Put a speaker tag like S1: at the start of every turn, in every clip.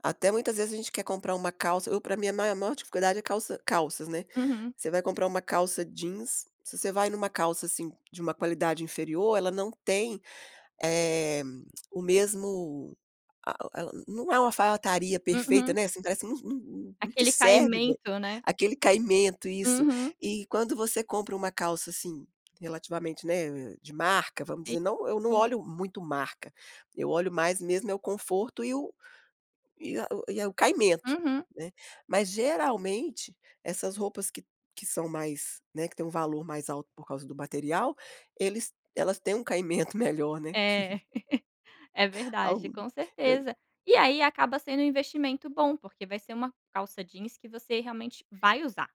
S1: Até, muitas vezes, a gente quer comprar uma calça eu pra mim, a ma maior dificuldade é calça calças, né.
S2: Uhum.
S1: Você vai comprar uma calça jeans se você vai numa calça, assim, de uma qualidade inferior, ela não tem, eh, o mesmo a o e ela não é uma alfaiataria perfeita,
S2: Uhum.
S1: né, assim, parece não não não te
S2: Aquele
S1: serve bem.
S2: caimento, né.
S1: Aquele caimento, isso.
S2: Uhum.
S1: E quando você compra uma calça assim, relativamente, né, de marca vamos
S2: E
S1: dizer não eu não
S2: sim.
S1: olho muito marca. Eu olho mais mesmo é o conforto e o e a o e o caimento,
S2: Uhum.
S1: né. Mas, geralmente, essas roupas que que são mais, né, que tem um valor mais alto por causa do material, eles elas têm um caimento melhor, né.
S2: É. É verdade,
S1: Algum
S2: com
S1: eu
S2: certeza. E aí, acaba sendo um investimento bom porque vai ser uma calça jeans que você realmente vai usar.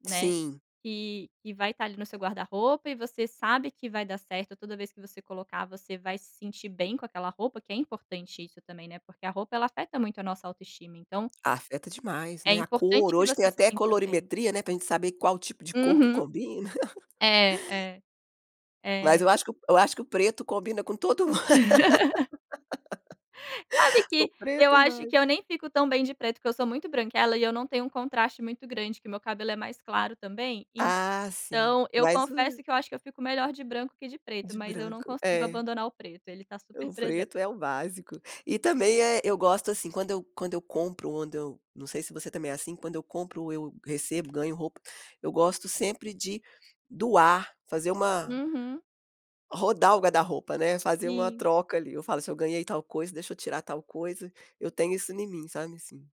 S2: Né.
S1: Sim.
S2: E e vai estar ali no seu guarda-roupa e você sabe que vai dar certo, toda vez que você colocar, você vai se sentir bem com aquela roupa, que é importante isso também, né, porque a roupa, ela afeta muito a nossa autoestima, então
S1: Afeta demais,
S2: é
S1: né, a cor
S2: importante que
S1: hoje tem
S2: você se
S1: até
S2: sinta bem.
S1: colorimetria, né, pra gente saber qual o tipo de cor que
S2: Uhum.
S1: combina.
S2: É, é.
S1: Mas
S2: É.
S1: eu acho que o eu acho que o preto combina com todo mun
S2: Sabe
S1: O
S2: que eu
S1: preto
S2: acho
S1: vai.
S2: que eu nem fico tão bem de preto, porque eu sou muito branquela e eu não tenho um contraste muito grande, que meu cabelo é mais claro também,
S1: Ah, sim.
S2: então, eu
S1: Mas o
S2: confesso que eu acho que eu fico melhor de branco que de preto,
S1: De
S2: mas eu não
S1: branco,
S2: consigo
S1: é.
S2: abandonar o preto. Ele tá super
S1: O
S2: presen
S1: preto é o básico. E também, eh, eu gosto, assim, quando eu quando eu compro, onde eu não sei se você também é assim quando eu compro ou eu recebo ganho roupa, eu gosto sempre de doar. Fazer uma
S2: Uhum.
S1: rodar o guarda-roupa, né. Fazer uma
S2: Sim.
S1: troca, ali. Eu falo: "Se eu ganhei tal coisa, deixa eu tirar tal coisa." Eu tenho isso em mim, sabe, assim.